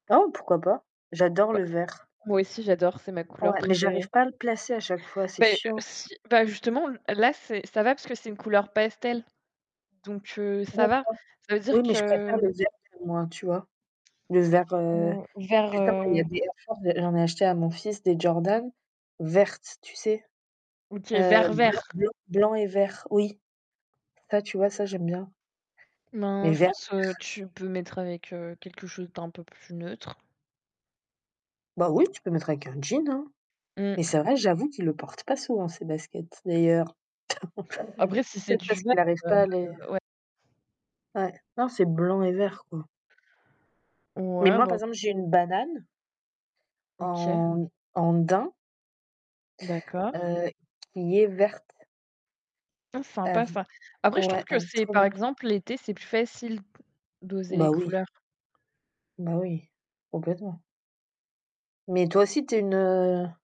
Oh, pourquoi pas? J'adore Bah, le vert. moi aussi, j'adore, c'est ma couleur Ouais, mais j'arrive préférée. pas à le placer à chaque fois, c'est Bah heu, chiant. si, bah, justement, là, c'est, ça va, parce que c'est une couleur pastel, donc heu, ça va. [unintelligible] Ça veut Oui, dire mais je préfère que le vert, [unintelligible] tu vois? Le vert, heu, Mmh, vert, justement il y a heu des Air Force, j'en ai acheté à mon fils des Jordan, vertes, tu sais? OK, Heu, vert, blanc vert. blanc blanc et vert, oui. Ça, tu vois, ça, j'aime bien. Mais Ben, je verts, pense, heu, que verts. tu peux mettre avec quelque chose d'un peu plus neutre. Bah, oui, tu peux mettre avec un jean, hein. Mais Mmh. c'est vrai, j'avoue qu'il le porte pas souvent, ses baskets. D'ailleurs, Après, si c'est peut-être du, parce vert, qu'il n'arrive pas à les heu, ouais. Ouais, non c'est blanc et vert, quoi. Mais Ouais, moi bon par moi exemple j'aime j'ai une bien. banane. OK. En en daim. D'accord. Heu, qui est verte. Ah, sympa ça. [unintelligible] Après, je trouve Ouais, que elle est c'est trop par bien. exemple l'été, c'est plus facile d'oser les Bah oui. couleurs. Bah oui, complètement. Mais toi aussi, tu es une, heu